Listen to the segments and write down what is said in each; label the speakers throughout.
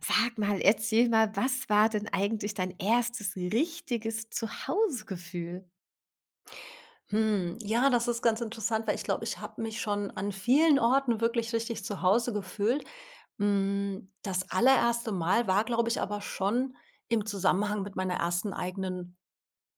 Speaker 1: Sag mal, erzähl mal, was war denn eigentlich dein erstes richtiges Zuhausegefühl?
Speaker 2: Hm, ja, das ist ganz interessant, weil ich glaube, ich habe mich schon an vielen Orten wirklich richtig zu Hause gefühlt. Hm, das allererste Mal war, glaube ich, aber schon im Zusammenhang mit meiner ersten eigenen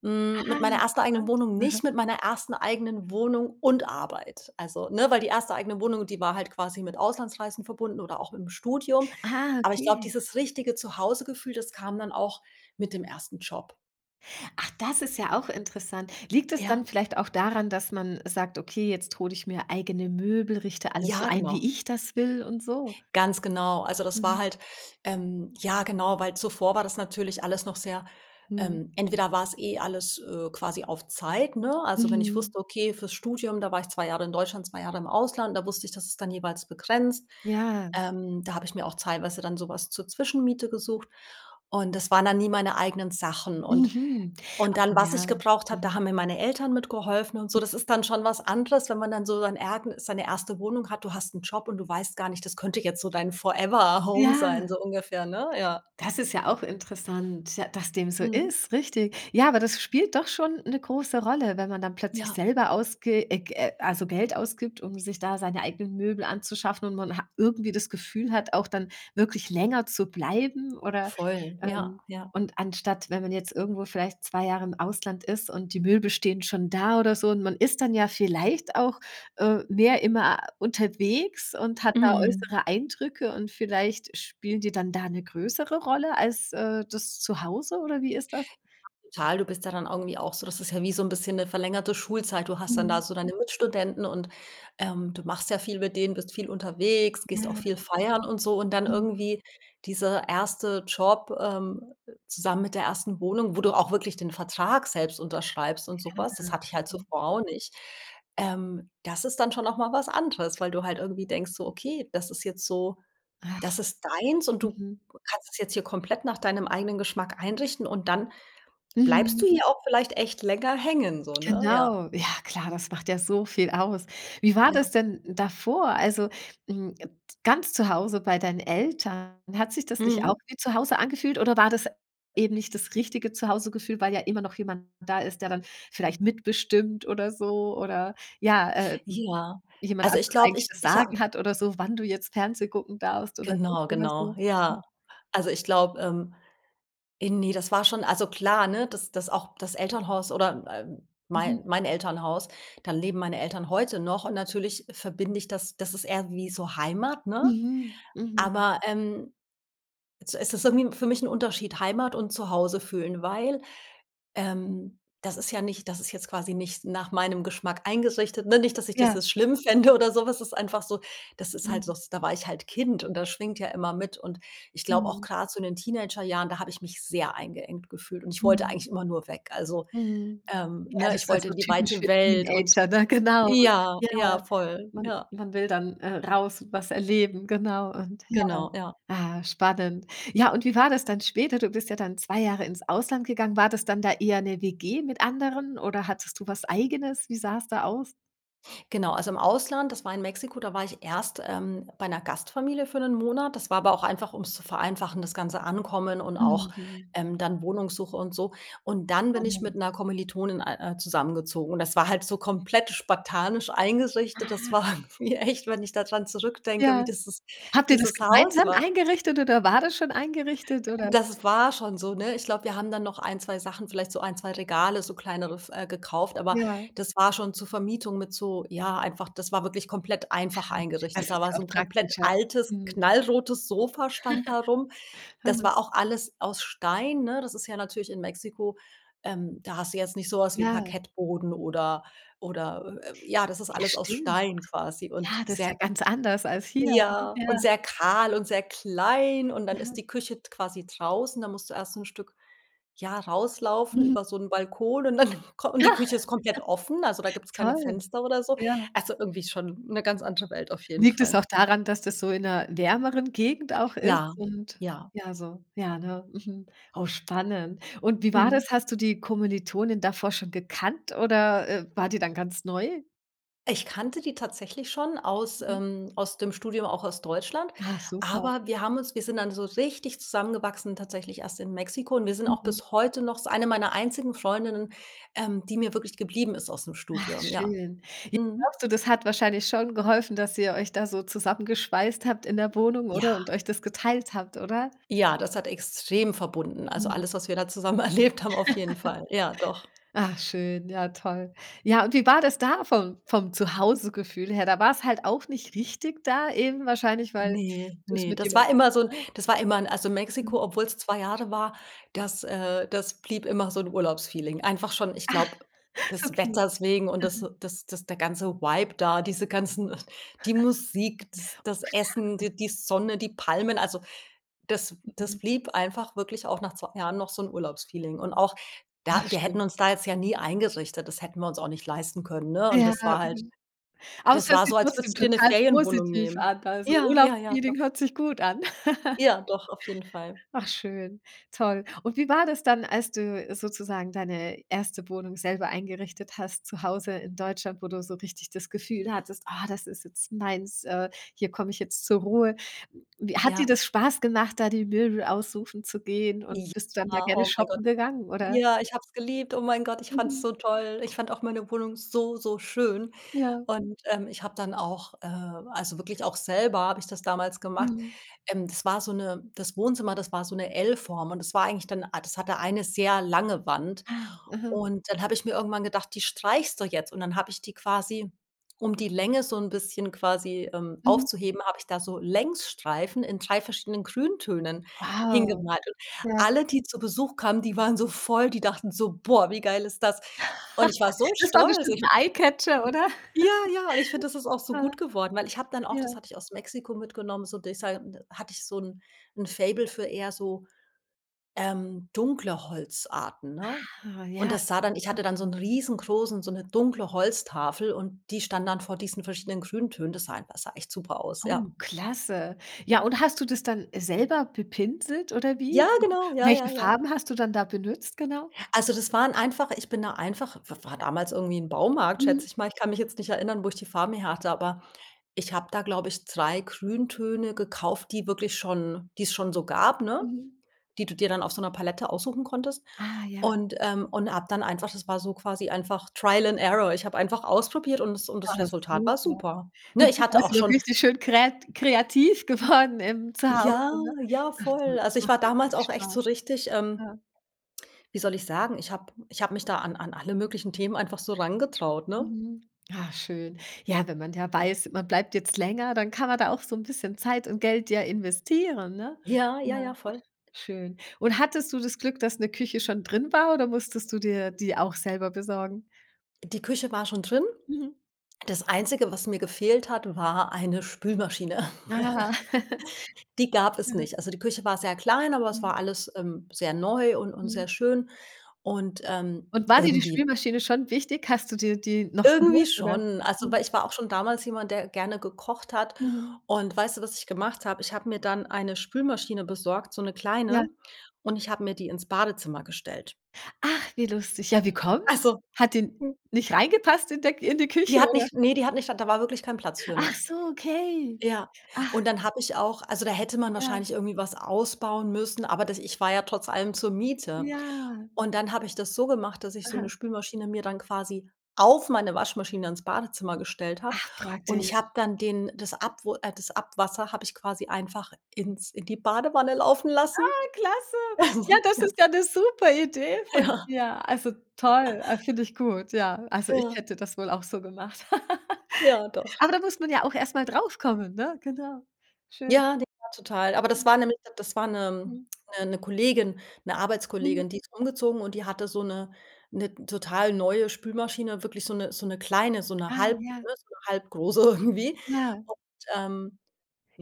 Speaker 2: hm,
Speaker 1: Ah,
Speaker 2: mit meiner ersten eigenen
Speaker 1: interessant,
Speaker 2: Wohnung
Speaker 1: aha.
Speaker 2: nicht, mit meiner ersten eigenen Wohnung und Arbeit. Also, ne? Weil die erste eigene Wohnung, die war halt quasi mit Auslandsreisen verbunden oder auch mit 'm Studium.
Speaker 1: Ah,
Speaker 2: Aber ich glaube,
Speaker 1: okay.
Speaker 2: dieses richtige Zuhausegefühl, das kam dann auch mit dem ersten Job.
Speaker 1: Ach, das ist ja auch interessant. Liegt es
Speaker 2: Ja.
Speaker 1: dann vielleicht auch daran, dass man sagt: „Okay, jetzt hole ich mir eigene Möbel, richte alles so
Speaker 2: Ja,
Speaker 1: ein, wie
Speaker 2: genau.
Speaker 1: ich das will und so?“
Speaker 2: Ganz genau. Also, das war
Speaker 1: Mhm.
Speaker 2: halt, ähm ja genau, weil zuvor war das natürlich alles noch sehr
Speaker 1: Mhm.
Speaker 2: ähm, entweder war es eh alles, äh, quasi auf Zeit, ne? Also, wenn ich
Speaker 1: Mhm.
Speaker 2: wusste okay, fürs Studium da war ich 2 Jahre in Deutschland 2 Jahre im Ausland. Da wusste ich, dass ist dann jeweils begrenzt.
Speaker 1: Ja.
Speaker 2: Ähm, da habe ich mir auch teilweise dann sowas zur Zwischenmiete gesucht und das waren dann nie meine eigenen Sachen und
Speaker 1: Mhm,
Speaker 2: und dann,
Speaker 1: oh
Speaker 2: was ich
Speaker 1: ja,
Speaker 2: gebraucht habe, da
Speaker 1: mhm.
Speaker 2: haben mir meine Eltern mitgeholfen und so. Das ist dann schon was anderes, wenn man dann so sein ergn seine erste Wohnung hat. Du hast 'n Job und du weißt gar nicht, das könnte jetzt so dein Forever Home sein,
Speaker 1: Ja.
Speaker 2: so ungefähr, ne? Ja.
Speaker 1: Das ist ja auch interessant, ja, dass dem so
Speaker 2: Mhm.
Speaker 1: ist, richtig. Ja, aber das spielt doch schon 'ne große Rolle, wenn man dann plötzlich
Speaker 2: Ja.
Speaker 1: selber ausge äh, Ge also, Geld ausgibt, um sich da seine eigenen Möbel anzuschaffen und man ha irgendwie das Gefühl hat, auch dann wirklich länger zu bleiben oder
Speaker 2: Voll, ja,
Speaker 1: ähm,
Speaker 2: ja.
Speaker 1: und anstatt, wenn man jetzt irgendwo vielleicht 2 Jahre im Ausland ist und die Möbel stehen schon da oder so und man ist dann ja vielleicht auch, äh, mehr immer unterwegs und hat da
Speaker 2: Mhm.
Speaker 1: äußere Eindrücke und vielleicht spielen die dann da 'ne größere Rolle als, äh, das Zuhause oder wie ist das?
Speaker 2: Ja, total. Du bist ja dann irgendwie auch so das ist ja wie so 'n bisschen 'ne verlängerte Schulzeit. Du hast dann da
Speaker 1: Mhm.
Speaker 2: so deine Mitstudenten und, ähm, du machst sehr viel mit denen, bist viel unterwegs, gehst auch
Speaker 1: Ja.
Speaker 2: viel feiern und so. Und dann
Speaker 1: Mhm.
Speaker 2: irgendwie dieser erste Job, ähm, zusammen mit der ersten Wohnung, wo du auch wirklich den Vertrag selbst unterschreibst und so
Speaker 1: Ja,
Speaker 2: was, das hatte ich halt
Speaker 1: mhm.
Speaker 2: zuvor auch nicht. Ähm, das ist dann schon auch mal was anderes, weil du halt irgendwie denkst so: „Okay, das ist jetzt so
Speaker 1: Ach.
Speaker 2: das ist deins und du
Speaker 1: Mhm.
Speaker 2: kannst es jetzt hier komplett nach deinem eigenen Geschmack einrichten und dann bleibst du
Speaker 1: Mhm.
Speaker 2: hier auch vielleicht echt länger hängen so, ne?“ Ja.
Speaker 1: Genau. Ja, klar, das macht ja so viel aus. Wie war
Speaker 2: Ja.
Speaker 1: das denn davor? Also, hm, et ganz zu Hause bei deinen Eltern, hat sich das nicht auch
Speaker 2: Mhm.
Speaker 1: wie zu Hause angefühlt oder war das eben nicht das richtige Zuhausegefühl, weil ja immer noch jemand da ist, der dann vielleicht mitbestimmt oder so oder ja, äh
Speaker 2: Ja,
Speaker 1: jemand
Speaker 2: also, ich
Speaker 1: anderes
Speaker 2: glaube,
Speaker 1: eigentlich
Speaker 2: ich
Speaker 1: das
Speaker 2: ich
Speaker 1: Sagen
Speaker 2: habe
Speaker 1: hat oder so, wann du jetzt Fernsehgucken darfst oder nicht
Speaker 2: Genau,
Speaker 1: oder
Speaker 2: genau.
Speaker 1: so? Mhm.
Speaker 2: Ja. Also, ich glaube, ähm äh, ne, das war schon also, klar, ne? Das das auch das Elternhaus oder äh, äh, mei
Speaker 1: Mhm.
Speaker 2: mein Elternhaus, da leben meine Eltern heute noch und natürlich verbinde ich das das ist eher wie so Heimat, ne?
Speaker 1: Mhm, mhm.
Speaker 2: Aber, ähm also, es ist irgendwie für mich 'n Unterschied Heimat und zu Hause fühlen, weil, ähm, das ist ja nicht das ist jetzt quasi nicht nach meinem Geschmack eingerichtet, ne? Nicht, dass ich das
Speaker 1: Ja.
Speaker 2: jetzt schlimm fände oder so was, das ist einfach so das ist halt so,
Speaker 1: Mhm.
Speaker 2: s da war ich halt Kind und das schwingt ja immer mit. Und ich glaube auch
Speaker 1: Mhm.
Speaker 2: grad, so in den Teenagerjahren, da habe ich mich sehr eingeengt gefühlt und ich wollte
Speaker 1: Mhm.
Speaker 2: eigentlich immer nur weg. Also,
Speaker 1: Mhm.
Speaker 2: ähm,
Speaker 1: Ja,
Speaker 2: ne?
Speaker 1: also, es
Speaker 2: Ich
Speaker 1: ist ja
Speaker 2: wollte
Speaker 1: so
Speaker 2: in die
Speaker 1: typisch
Speaker 2: weite
Speaker 1: für
Speaker 2: Welt und
Speaker 1: Teenager, ne? Genau,
Speaker 2: ja,
Speaker 1: ja.
Speaker 2: ja voll,
Speaker 1: Man
Speaker 2: ja.
Speaker 1: man will dann, äh, raus, was erleben, genau und, ja
Speaker 2: Genau, ja.
Speaker 1: ah, spannend. Ja, und wie war das dann später? Du bist ja dann 2 Jahre ins Ausland gegangen. War das dann da eher 'ne WG mit anderen oder hattest du was Eigenes? Wie sah es da aus?
Speaker 2: Genau, also, im Ausland, das war in Mexiko, da war ich erst, ähm, bei 'ner Gastfamilie für 1 Monat. Das war aber auch einfach ums zu vereinfachen, das ganze Ankommen, und auch,
Speaker 1: Mhm.
Speaker 2: ähm, dann Wohnungssuche und so. Und dann bin ich
Speaker 1: Spannend.
Speaker 2: mit 'ner Kommilitonin ei äh, zusammengezogen und das war halt so komplett spartanisch eingerichtet. Das
Speaker 1: Ah.
Speaker 2: war mir echt, wenn ich da dran zurückdenke, wie
Speaker 1: Ja.
Speaker 2: dieses
Speaker 1: Habt ihr das
Speaker 2: dieses Haus
Speaker 1: gemeinsam
Speaker 2: war.
Speaker 1: eingerichtet oder war das schon eingerichtet, oder?
Speaker 2: Das war schon so, ne? Ich glaube, wir haben dann noch 1, 2 Sachen, vielleicht so 1, 2 Regale, so kleinere f äh, gekauft, aber
Speaker 1: Ja.
Speaker 2: das war schon zur Vermietung mit so ja, einfach das war wirklich komplett
Speaker 1: Ah.
Speaker 2: einfach eingerichtet.
Speaker 1: Das
Speaker 2: Da
Speaker 1: ist
Speaker 2: war
Speaker 1: ja
Speaker 2: so
Speaker 1: auch
Speaker 2: 'n komplett
Speaker 1: praktischer.
Speaker 2: altes,
Speaker 1: Mhm.
Speaker 2: knallrotes Sofa stand da rum. Das
Speaker 1: Mhm.
Speaker 2: war auch alles aus Stein, ne? Das ist ja natürlich in Mexiko ähm, da hast du jetzt nicht so was wie
Speaker 1: Ja.
Speaker 2: Parkettboden oder oder, äh, äh ja, das ist
Speaker 1: Ja,
Speaker 2: alles aus
Speaker 1: stimmt.
Speaker 2: Stein quasi und
Speaker 1: Ja, das ist ja
Speaker 2: sehr
Speaker 1: ganz anders als hier.
Speaker 2: ja, und
Speaker 1: Ja.
Speaker 2: sehr kahl und sehr klein und dann ist
Speaker 1: Mhm.
Speaker 2: die Küche d quasi draußen, da musst du erst 'n Stück, ja, rauslaufen
Speaker 1: Mhm.
Speaker 2: über so 'n Balkon und dann kom und die Küche ist komplett offen, also da gibt's keine
Speaker 1: Toll.
Speaker 2: Fenster oder so.
Speaker 1: Ja.
Speaker 2: Also, irgendwie ist schon 'ne ganz andere Welt auf jeden
Speaker 1: Liegt es
Speaker 2: Fall.
Speaker 1: auch daran, dass das so in 'ner wärmeren Gegend auch
Speaker 2: Ja,
Speaker 1: ist? Und,
Speaker 2: ja.
Speaker 1: ja, so ja, ne? Mhm. Oh, spannend. Und wie war
Speaker 2: Mhm.
Speaker 1: das? Hast du die Kommilitonin davor schon gekannt oder, äh, war die dann ganz neu?
Speaker 2: Ich kannte die tatsächlich schon aus
Speaker 1: Mhm.
Speaker 2: ähm, aus dem Studium, auch aus Deutschland,
Speaker 1: Ach, super.
Speaker 2: aber wir haben uns wir sind dann so richtig zusammengewachsen tatsächlich erst in Mexiko. Und wir sind auch
Speaker 1: Mhm.
Speaker 2: bis heute noch das ist eine meiner einzigen Freundinnen, ähm, die mir wirklich geblieben ist aus 'm
Speaker 1: Ach,
Speaker 2: Studium, ja.
Speaker 1: schön. J
Speaker 2: Mhm.
Speaker 1: glaubst du, das hat wahrscheinlich schon geholfen, dass ihr euch da so zusammengeschweißt habt in der Wohnung,
Speaker 2: Ja.
Speaker 1: oder? Und euch das geteilt habt, oder?
Speaker 2: Ja, das hat extrem verbunden. Also,
Speaker 1: Mhm.
Speaker 2: alles, was wir da zusammen erlebt haben, auf jeden Fall. Ja, doch.
Speaker 1: Ach, schön. Ja, toll. Ja, und wie war das da vom vom Zuhausegefühl her? Da war's halt auch nicht richtig da, eben wahrscheinlich weil
Speaker 2: Ne,
Speaker 1: du's
Speaker 2: ne.
Speaker 1: mit
Speaker 2: Das
Speaker 1: jemandem
Speaker 2: war immer so 'n
Speaker 1: [unintelligible]
Speaker 2: das war immer 'n also,
Speaker 1: Mhm.
Speaker 2: Mexiko, obwohl es 2 Jahre war, das äh, das blieb immer so 'n Urlaubsfeeling. Einfach schon, ich
Speaker 1: Ach!
Speaker 2: glaube, des
Speaker 1: Okay.
Speaker 2: Wetters wegen. Und das
Speaker 1: Mhm.
Speaker 2: das das der ganze Vibe da, diese ganzen äh, die Musik, das
Speaker 1: Oh,
Speaker 2: das Essen,
Speaker 1: klar.
Speaker 2: d die Sonne, die Palmen. Also, das das
Speaker 1: Mhm.
Speaker 2: blieb einfach wirklich auch nach 2 Jahren noch so 'n Urlaubsfeeling. Und auch da
Speaker 1: Ach,
Speaker 2: wir hätten
Speaker 1: schön.
Speaker 2: uns da jetzt ja nie eingerichtet. Das hätten wir uns auch nicht leisten können, ne? Und
Speaker 1: Ja,
Speaker 2: das
Speaker 1: mhm.
Speaker 2: war halt
Speaker 1: Aber es
Speaker 2: das
Speaker 1: hört
Speaker 2: war
Speaker 1: sich
Speaker 2: so, als
Speaker 1: trotzdem
Speaker 2: würdest du dir 'ne
Speaker 1: total
Speaker 2: Ferienwohnung
Speaker 1: positiv
Speaker 2: nehmen.
Speaker 1: an. Also,
Speaker 2: Ja, ja, ja, doch.
Speaker 1: Urlaubsfeeling hört sich gut an.
Speaker 2: Ja, doch, auf jeden Fall.
Speaker 1: Ach, schön. Toll. Und wie war das dann, als du sozusagen deine 1. Wohnung selber eingerichtet hast, zu Hause in Deutschland, wo du so richtig das Gefühl hattest: „Ah, das ist jetzt meins! Äh, hier komme ich jetzt zur Ruhe.“ Wie hat dir
Speaker 2: Ja.
Speaker 1: das Spaß gemacht, da die Möbel aussuchen zu gehen, und bist du dann sehr
Speaker 2: Ja,
Speaker 1: gerne
Speaker 2: oh, mein Gott.
Speaker 1: shoppen gegangen, oder?
Speaker 2: Ja, ich habe es geliebt. Oh, mein Gott, ich fand's
Speaker 1: Mhm.
Speaker 2: so toll. Ich fand auch meine Wohnung so, so schön.
Speaker 1: Ja.
Speaker 2: Und, ähm, ich habe dann auch äh, also, wirklich auch, selber habe ich das damals gemacht.
Speaker 1: Mhm.
Speaker 2: Ähm, das war so 'ne das Wohnzimmer, das war so 'ne L-Form, und das war eigentlich dann, a das hatte eine sehr lange Wand.
Speaker 1: Ah, mhm.
Speaker 2: Und dann habe ich mir irgendwann gedacht, die streichst du jetzt. Und dann habe ich die quasi um die Länge so 'n bisschen quasi, ähm,
Speaker 1: Mhm.
Speaker 2: aufzuheben, habe ich da so Längsstreifen in 3 verschiedenen Grüntönen
Speaker 1: Wow!
Speaker 2: hingemalt. Und
Speaker 1: Ja.
Speaker 2: alle, die zu Besuch kamen, die waren so voll die dachten so: „Boah, wie geil ist das.“ Und ich war so
Speaker 1: Das war
Speaker 2: stolz.
Speaker 1: bestimmt
Speaker 2: Ich
Speaker 1: 'n Eyecatcher,
Speaker 2: Mhm,
Speaker 1: oder?
Speaker 2: ja, ja. Und ich finde, das ist auch so
Speaker 1: Ah.
Speaker 2: gut geworden. Weil ich habe dann auch das
Speaker 1: Ja.
Speaker 2: hatte ich aus Mexiko mitgenommen, so, dieser n hatte ich so 'n 'n Faible für eher so, ähm, dunkle Holzarten, ne?
Speaker 1: Ah,
Speaker 2: Und
Speaker 1: ja,
Speaker 2: das sah dann ich
Speaker 1: mhm.
Speaker 2: hatte dann so 'n riesengroßen so 'ne dunkle Holztafel und die stand dann vor diesen verschiedenen Grüntönen. Das sah einfach sah echt super aus, ja.
Speaker 1: Oh, klasse. Ja, und hast du das dann, äh, selber bepinselt oder
Speaker 2: Ja,
Speaker 1: wie?
Speaker 2: genau. Ja,
Speaker 1: Welche
Speaker 2: ja, ja.
Speaker 1: Farben hast du dann da benutzt genau?
Speaker 2: Also, das waren einfach Ich bin da einfach w war damals irgendwie 'n Baumarkt, schätze
Speaker 1: Mhm.
Speaker 2: ich mal. Ich kann mich jetzt nicht erinnern, wo ich die Farben herhatte. Aber ich habe da, glaube ich, 3 Grüntöne gekauft, die wirklich schon die es schon so gab, ne?
Speaker 1: Mhm.
Speaker 2: Die du dir dann auf so 'ner Palette aussuchen konntest
Speaker 1: Ah, ja.
Speaker 2: und ähm, und habe dann einfach, das war so quasi einfach Trial and Error. Ich habe einfach ausprobiert und das und
Speaker 1: Da
Speaker 2: das
Speaker 1: hast
Speaker 2: Resultat
Speaker 1: du
Speaker 2: war
Speaker 1: ja.
Speaker 2: super.
Speaker 1: Du
Speaker 2: Ne, ich
Speaker 1: bist
Speaker 2: hatte auch
Speaker 1: also
Speaker 2: schon
Speaker 1: richtig schön kreat kreativ geworden im Zuhause,
Speaker 2: Ja,
Speaker 1: ne?
Speaker 2: ja,
Speaker 1: Ach, toll,
Speaker 2: voll.
Speaker 1: das
Speaker 2: Also, ich
Speaker 1: macht
Speaker 2: war damals
Speaker 1: richtig
Speaker 2: auch echt so
Speaker 1: Spaß.
Speaker 2: richtig ähm,
Speaker 1: Ja.
Speaker 2: wie soll ich sagen, ich habe ich habe mich da an an alle möglichen Themen einfach so rangetraut, ne?
Speaker 1: Mhm. Ach, schön. Ja, wenn man da weiß, man bleibt jetzt länger, dann kann man da auch so 'n bisschen Zeit und Geld ja investieren, ne?
Speaker 2: Ja, ja,
Speaker 1: Ja.
Speaker 2: ja, voll.
Speaker 1: Schön. Und hattest du das Glück, dass 'ne Küche schon drin war, oder musstest du dir die auch selber besorgen?
Speaker 2: Die Küche war schon drin.
Speaker 1: Mhm.
Speaker 2: Das Einzige, was mir gefehlt hat, war eine Spülmaschine.
Speaker 1: Ah.
Speaker 2: Die gab es
Speaker 1: Mhm.
Speaker 2: nicht. Also, die Küche war sehr klein, aber es war
Speaker 1: Mhm.
Speaker 2: alles, ähm, sehr neu und und sehr
Speaker 1: Mhm.
Speaker 2: schön und, ähm,
Speaker 1: Und war dir die
Speaker 2: irgendwie
Speaker 1: Spülmaschine schon wichtig? Hast du dir die noch
Speaker 2: Irgendwie
Speaker 1: geholt, oder?
Speaker 2: schon. Also,
Speaker 1: Mhm.
Speaker 2: weil ich war auch schon damals jemand, der, äh, gerne gekocht hat
Speaker 1: Mhm.
Speaker 2: und, weißt du, was ich gemacht habe? Ich habe mir dann eine Spülmaschine besorgt, so 'ne
Speaker 1: Ja.
Speaker 2: kleine, und ich habe mir die ins Badezimmer gestellt.
Speaker 1: Ach, wie lustig. Ja, wie
Speaker 2: Ach
Speaker 1: kommt?
Speaker 2: so.
Speaker 1: Hat die
Speaker 2: Hm.
Speaker 1: nicht reingepasst in der in die
Speaker 2: Die
Speaker 1: Küche,
Speaker 2: hat
Speaker 1: oder?
Speaker 2: nicht Nee, die hat nicht a da war wirklich kein Platz für,
Speaker 1: Ach
Speaker 2: ne?
Speaker 1: so, okay.
Speaker 2: Ja.
Speaker 1: Ach.
Speaker 2: Und dann habe ich auch also, da hätte man
Speaker 1: Ja.
Speaker 2: wahrscheinlich irgendwie was ausbauen müssen, aber das ich war ja trotz allem zur Miete.
Speaker 1: Ja.
Speaker 2: Und dann habe ich das so gemacht, dass ich so
Speaker 1: Aha.
Speaker 2: 'ne Spülmaschine mir dann quasi auf meine Waschmaschine ins Badezimmer gestellt habe.
Speaker 1: Ach,
Speaker 2: Und ich
Speaker 1: praktisch.
Speaker 2: habe dann den das Abwu äh, das Abwasser habe ich quasi einfach ins in die Badewanne laufen lassen.
Speaker 1: Ah, klasse. Ja, das
Speaker 2: Ja.
Speaker 1: ist ja 'ne super Idee von
Speaker 2: Ja.
Speaker 1: dir. Also, toll, a finde ich gut, ja. Also, ich
Speaker 2: Ja.
Speaker 1: hätte das wohl auch so gemacht.
Speaker 2: Ja, doch.
Speaker 1: Aber da muss man ja auch erst mal drauf kommen, ne? Genau. Schön.
Speaker 2: Ja, die war total aber das
Speaker 1: Hm.
Speaker 2: war 'ne Nette. Das war 'ne
Speaker 1: Hm.
Speaker 2: 'ne 'ne Kollegin, 'ne
Speaker 1: Mhm.
Speaker 2: Arbeitskollegin. Die ist umgezogen und die hatte so 'ne 'ne total neue Spülmaschine, wirklich so 'ne so 'ne kleine, so 'ne
Speaker 1: Ah,
Speaker 2: halb
Speaker 1: ja.
Speaker 2: ne, so halbgroße irgendwie
Speaker 1: Ja.
Speaker 2: und, ähm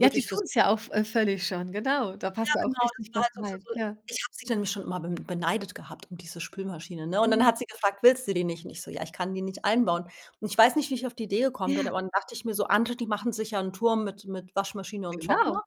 Speaker 1: Ja, die
Speaker 2: fürs
Speaker 1: tun's ja auch vö äh, völlig schon, genau. Da
Speaker 2: Ja,
Speaker 1: passt ja auch
Speaker 2: genau, das
Speaker 1: richtig
Speaker 2: war
Speaker 1: was
Speaker 2: halt so für
Speaker 1: rein,
Speaker 2: so
Speaker 1: ja.
Speaker 2: Ich habe sie dann schon immer be beneidet gehabt um diese Spülmaschine, ne, und dann
Speaker 1: Mhm.
Speaker 2: hat sie gefragt: „Willst du die nicht?“ Und ich so: „Ja, ich kann die nicht einbauen.“ Und ich weiß nicht, wie ich auf die Idee gekommen bin,
Speaker 1: Ja.
Speaker 2: aber dann dachte ich mir so: „Andere, die machen sich ja 'n Turm mit mit Waschmaschine und
Speaker 1: Genau.
Speaker 2: Trockner.“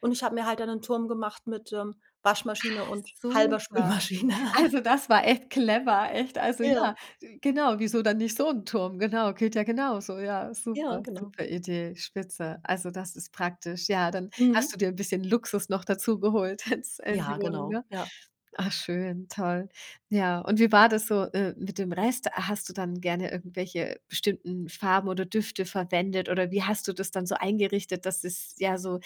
Speaker 2: Und ich habe mir halt dann 'nen Turm gemacht mit, ähm, Waschmaschine
Speaker 1: Ach
Speaker 2: und halber
Speaker 1: super.
Speaker 2: Spülmaschine.
Speaker 1: Also, das war echt clever. Echt. Also,
Speaker 2: Ja.
Speaker 1: ja, wi Genau. Wieso dann nicht so 'n Turm? Genau. Geht ja genauso. Ja.
Speaker 2: Ja,
Speaker 1: Super,
Speaker 2: genau.
Speaker 1: super Idee. Spitze. Also, das ist praktisch, ja. Dann hast
Speaker 2: Mhm.
Speaker 1: du dir 'n bisschen Luxus noch dazu geholt ins in die
Speaker 2: Ja,
Speaker 1: Wohnung,
Speaker 2: genau.
Speaker 1: ne?
Speaker 2: Ja.
Speaker 1: Ach schön. Toll. Ja, und wie war das so, äh, mit dem Rest? A hast du dann gerne irgendwelche bestimmten Farben oder Düfte verwendet? Oder wie hast du das dann so eingerichtet, dass es, ja, so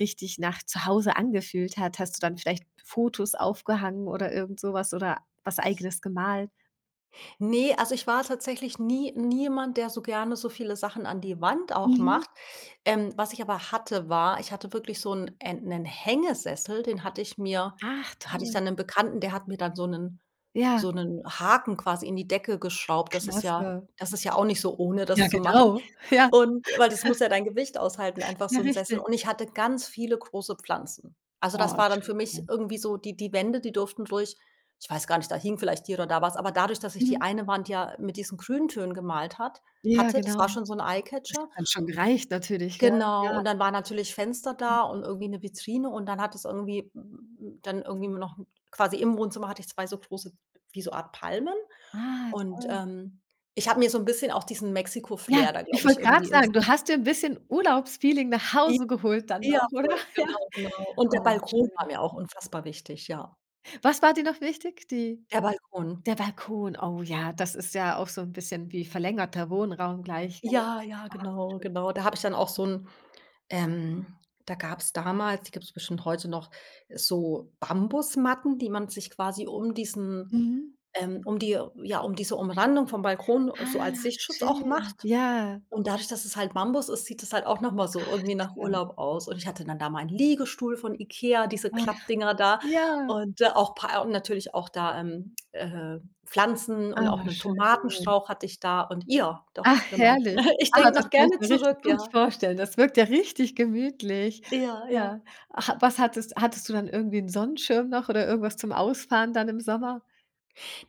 Speaker 1: richtig nach Zuhause angefühlt hat? Hast du dann vielleicht Fotos aufgehangen oder irgendsowas oder was Eigenes gemalt?
Speaker 2: Ne. Also, ich war tatsächlich nie nie jemand, der so gerne so viele Sachen an die Wand auch
Speaker 1: Mhm.
Speaker 2: macht. Ähm, was ich aber hatte, war: Ich hatte wirklich so 'n äh, 'nen Hängesessel. Den hatte ich mir
Speaker 1: Ach,
Speaker 2: hatte ich
Speaker 1: toll.
Speaker 2: dann 'nen Bekannten, der hat mir dann so 'nen
Speaker 1: Ja.
Speaker 2: so 'nen Haken quasi in die Decke geschraubt. Das ist ja
Speaker 1: Klasse.
Speaker 2: das ist ja auch nicht so ohne,
Speaker 1: Ja,
Speaker 2: das zu machen.
Speaker 1: genau, ja.
Speaker 2: Und weil das muss ja dein Gewicht aushalten, einfach
Speaker 1: Ja
Speaker 2: so 'n Sessel.
Speaker 1: richtig.
Speaker 2: Und ich hatte ganz viele große Pflanzen. Also,
Speaker 1: Boah,
Speaker 2: das war dann für mich
Speaker 1: schön.
Speaker 2: irgendwie so die die Wände, die durften ruhig ich weiß gar nicht, da hing vielleicht hier oder da was, aber dadurch, dass ich die
Speaker 1: Mhm.
Speaker 2: eine Wand ja mit diesen Grüntönen gemalt hat
Speaker 1: Ja,
Speaker 2: hatte, das
Speaker 1: genau.
Speaker 2: war schon so 'n
Speaker 1: Das
Speaker 2: Eyecatcher
Speaker 1: hat dann schon gereicht natürlich, ja.
Speaker 2: Genau.
Speaker 1: Ja.
Speaker 2: Und dann waren natürlich Fenster
Speaker 1: Hm.
Speaker 2: da und irgendwie 'ne Vitrine und dann hat es irgendwie m m m dann irgendwie mir noch quasi im Wohnzimmer hatte ich 2 so große wie so Art Palmen
Speaker 1: Ah,
Speaker 2: und,
Speaker 1: toll.
Speaker 2: ähm, ich habe mir so 'n bisschen auch diesen
Speaker 1: Ja,
Speaker 2: Mexiko-Flair da,
Speaker 1: ich
Speaker 2: glaube ich,
Speaker 1: wollte grad
Speaker 2: irgendwie ins
Speaker 1: sagen, du
Speaker 2: [unintelligible]
Speaker 1: hast dir 'n bisschen Urlaubsfeeling nach
Speaker 2: I
Speaker 1: Hause geholt dann
Speaker 2: ja,
Speaker 1: noch, oder?
Speaker 2: voll.
Speaker 1: Ja.
Speaker 2: Genau, genau. Und der
Speaker 1: Oh,
Speaker 2: Balkon war
Speaker 1: schön.
Speaker 2: mir auch unfassbar wichtig, ja.
Speaker 1: Was war dir noch wichtig? Die
Speaker 2: Der Balkon.
Speaker 1: Der Balkon. Oh, ja, das ist ja auch so 'n bisschen wie verlängerter Wohnraum gleich, gell.
Speaker 2: Ja, ja,
Speaker 1: Ah,
Speaker 2: genau, genau. Da habe ich dann auch
Speaker 1: schön.
Speaker 2: so 'n ähm, da gab's damals- die gibt's bestimmt heute noch- so Bambusmatten, die man sich quasi um diesen
Speaker 1: Mhm.
Speaker 2: ähm, um die ja, um diese Umrandung vom Balkon so als
Speaker 1: Ach,
Speaker 2: Sichtschutz auch
Speaker 1: schön,
Speaker 2: macht.
Speaker 1: ja.
Speaker 2: Und dadurch, dass es halt Bambus ist, sieht das halt auch noch mal so
Speaker 1: Ach,
Speaker 2: irgendwie nach
Speaker 1: toll.
Speaker 2: Urlaub aus. Und ich hatte dann da meinen Liegestuhl von Ikea, diese
Speaker 1: Ach.
Speaker 2: Klappdinger da,
Speaker 1: Ja!
Speaker 2: und da auch Pa und natürlich auch da, ähm, äh, Pflanzen und
Speaker 1: Ah,
Speaker 2: auch 'nen
Speaker 1: schön.
Speaker 2: Tomatenstrauch hatte ich da, und, ja doch,
Speaker 1: Ach,
Speaker 2: genau.
Speaker 1: herrlich.
Speaker 2: Ich
Speaker 1: Ah,
Speaker 2: denke
Speaker 1: das
Speaker 2: noch
Speaker 1: kann ich
Speaker 2: gerne
Speaker 1: mir richtig
Speaker 2: zurück,
Speaker 1: gut
Speaker 2: ja.
Speaker 1: vorstellen. Das wirkt ja richtig gemütlich.
Speaker 2: Ja, ja.
Speaker 1: Ja. Ach, was hattest hattest du dann irgendwie 'n Sonnenschirm noch oder irgendwas zum Ausfahren dann im Sommer?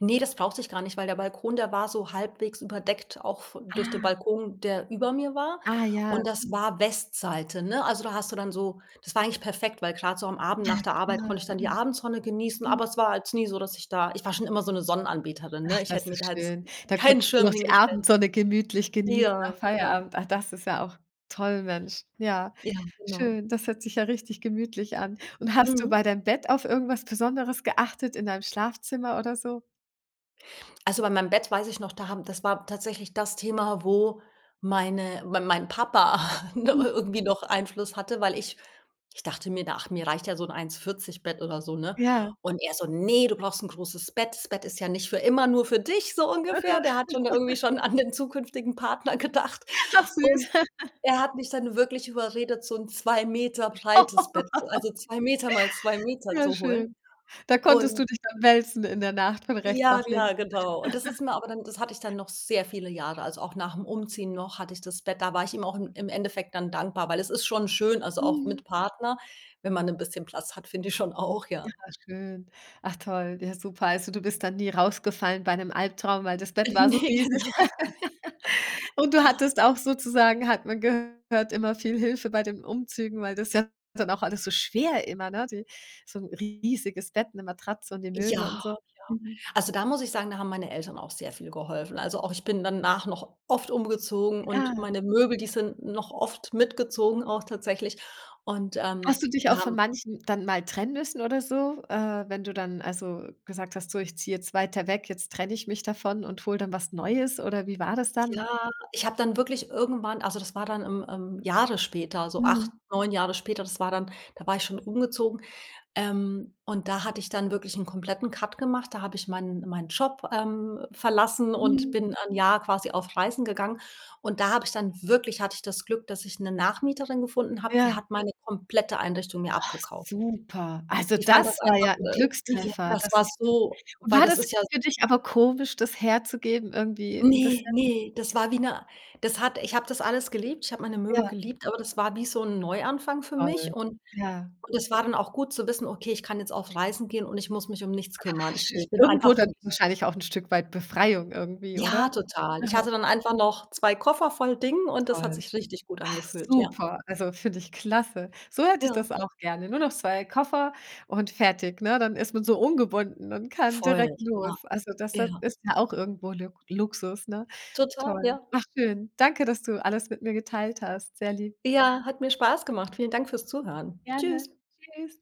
Speaker 2: Ne, das brauchte ich gar nicht, weil der Balkon, der war so halbwegs überdeckt auch v durch den
Speaker 1: Ah.
Speaker 2: Balkon, der über mir war.
Speaker 1: Ah ja.
Speaker 2: Und das war Westseite, ne? Also, da hast du dann so das war eigentlich perfekt, weil grad so am Abend
Speaker 1: Ja
Speaker 2: nach der Arbeit
Speaker 1: klar,
Speaker 2: konnte ich dann die
Speaker 1: mhm.
Speaker 2: Abendsonne genießen,
Speaker 1: Hm.
Speaker 2: aber es war halt nie so, dass ich da ich war schon immer so 'ne Sonnenanbeterin,
Speaker 1: Ach,
Speaker 2: ne? Ich hätte
Speaker 1: das
Speaker 2: mir da
Speaker 1: ist
Speaker 2: jetzt
Speaker 1: schön. Da
Speaker 2: keinen
Speaker 1: konntest du
Speaker 2: Schirm
Speaker 1: noch die
Speaker 2: hingestellt.
Speaker 1: Abendsonne gemütlich genießen
Speaker 2: Ja,
Speaker 1: nach
Speaker 2: ja.
Speaker 1: Feierabend. Ach, das ist ja auch toll, Mensch. Ja,
Speaker 2: Ja, genau.
Speaker 1: schön. Das hört sich ja richtig gemütlich an. Und hast du
Speaker 2: Mhm.
Speaker 1: bei deinem Bett auf irgendwas Besonderes geachtet in deinem Schlafzimmer oder so?
Speaker 2: Also, bei meinem Bett weiß ich noch, da haben das war tatsächlich das Thema, wo meine mein mein Papa, ne,
Speaker 1: Mhm.
Speaker 2: irgendwie noch Einfluss hatte, weil ich ich dachte mir da: „Ach, mir reicht ja so 'n 1,40 Bett oder so, ne?“
Speaker 1: Ja.
Speaker 2: Und er so: „Ne, du brauchst 'n großes Bett. Das Bett ist ja nicht für immer nur für dich.“ So ungefähr. Der hat schon da irgendwie schon an den zukünftigen Partner gedacht.
Speaker 1: Ach
Speaker 2: Und
Speaker 1: süß.
Speaker 2: er hat mich dann wirklich überredet, so 'n 2 m breites Bett, so, also, 2 m mal 2 m
Speaker 1: Ja
Speaker 2: zu holen,
Speaker 1: schön. Da konntest
Speaker 2: und
Speaker 1: du dich dann wälzen in der Nacht, von rechts
Speaker 2: Ja,
Speaker 1: nach links.
Speaker 2: ja, genau. Und das ist mir aber dann das hatte ich dann noch sehr viele Jahre, also auch nach 'm Umziehen noch hatte ich das Bett. Da war ich ihm auch im im Endeffekt dann dankbar, weil es ist schon schön, also auch
Speaker 1: Mhm.
Speaker 2: mit Partner, wenn man 'n bisschen Platz hat, finde ich schon auch,
Speaker 1: Ja,
Speaker 2: ja.
Speaker 1: schön. Ach toll. Ja, super. Also, du bist dann nie rausgefallen bei 'nem Albtraum, weil das Bett war so
Speaker 2: Ne
Speaker 1: riesig.
Speaker 2: genau.
Speaker 1: Und du hattest auch sozusagen, hat man gehört, immer viel Hilfe bei den Umzügen, weil das ist ja dann auch alles so schwer immer, ne? Die so 'n riesiges Bett, 'ne Matratze und die
Speaker 2: Ja,
Speaker 1: Möbel
Speaker 2: ja.
Speaker 1: und so. Mhm.
Speaker 2: Also, da muss ich sagen, da haben meine Eltern auch sehr viel geholfen. Also, auch ich bin danach noch oft umgezogen und
Speaker 1: Ja.
Speaker 2: meine Möbel, die sind noch oft mitgezogen auch tatsächlich. Und,
Speaker 1: Hast
Speaker 2: ähm,
Speaker 1: du dich auch
Speaker 2: da
Speaker 1: von
Speaker 2: haben
Speaker 1: manchen dann mal trennen müssen oder so, äh, wenn du dann also gesagt hast, so: „Ich ziehe jetzt weiter weg, jetzt trenne ich mich davon und hole dann was Neues.“ Oder wie war das dann?
Speaker 2: Ja, ich habe dann wirklich irgendwann also, das war dann, ähm, ähm, Jahre später, so 8,
Speaker 1: Mhm.
Speaker 2: 9 Jahre später. Das war dann da war ich schon umgezogen, ähm, und da hatte ich dann wirklich 'n kompletten Cut gemacht, da habe ich meinen meinen Job, ähm, verlassen und
Speaker 1: Mhm.
Speaker 2: bin 'n Jahr quasi auf Reisen gegangen und da habe ich dann wirklich hatte ich das Glück, dass ich 'ne Nachmieterin gefunden habe, die
Speaker 1: Ja.
Speaker 2: hat meine komplette Einrichtung mir
Speaker 1: Ach
Speaker 2: abgekauft.
Speaker 1: super. Also,
Speaker 2: Ich fand das
Speaker 1: das war
Speaker 2: einfach,
Speaker 1: ja 'n
Speaker 2: äh, ja
Speaker 1: Glückstreffer.
Speaker 2: das
Speaker 1: Das
Speaker 2: war
Speaker 1: ist
Speaker 2: so
Speaker 1: und
Speaker 2: weil,
Speaker 1: war
Speaker 2: das
Speaker 1: das
Speaker 2: ist ja
Speaker 1: für dich aber komisch, das herzugeben irgendwie 'n
Speaker 2: Ne,
Speaker 1: bisschen?
Speaker 2: ne, das war wie ne das hat ich habe das alles geliebt. Ich habe meine Möbel
Speaker 1: Ja.
Speaker 2: geliebt, aber das war wie so 'n Neuanfang für
Speaker 1: Toll,
Speaker 2: mich. Und
Speaker 1: ja.
Speaker 2: das war dann auch gut zu wissen: „Okay, ich kann jetzt auf Reisen gehen und ich muss mich nichts kümmern.“
Speaker 1: Ach,
Speaker 2: Ich
Speaker 1: schön.
Speaker 2: ich bin
Speaker 1: Irgendwo
Speaker 2: einfach wirklich
Speaker 1: dann wahrscheinlich auch 'n Stück weit Befreiung irgendwie,
Speaker 2: Ja,
Speaker 1: oder?
Speaker 2: total. Ich
Speaker 1: Mhm.
Speaker 2: hatte dann einfach noch 2 Koffer voll Dingen und das hat
Speaker 1: Toll.
Speaker 2: sich richtig gut
Speaker 1: Ach,
Speaker 2: angefühlt. Ja.
Speaker 1: super, also, finde ich klasse. So hätte ich
Speaker 2: Ja.
Speaker 1: das auch gerne. Nur noch 2 Koffer und fertig, ne? Dann ist man so ungebunden und kann
Speaker 2: Voll,
Speaker 1: direkt
Speaker 2: ja.
Speaker 1: los. Also, das, ja
Speaker 2: Ja.
Speaker 1: ist ja auch irgendwo Lu Luxus, ne?
Speaker 2: Total,
Speaker 1: Toll.
Speaker 2: ja.
Speaker 1: Ach, schön. Danke, dass du alles mit mir geteilt hast. Sehr lieb.
Speaker 2: Ja, hat mir Spaß gemacht. Vielen Dank fürs Zuhören.
Speaker 1: Gerne.
Speaker 2: Tschüss.
Speaker 1: Tschüss.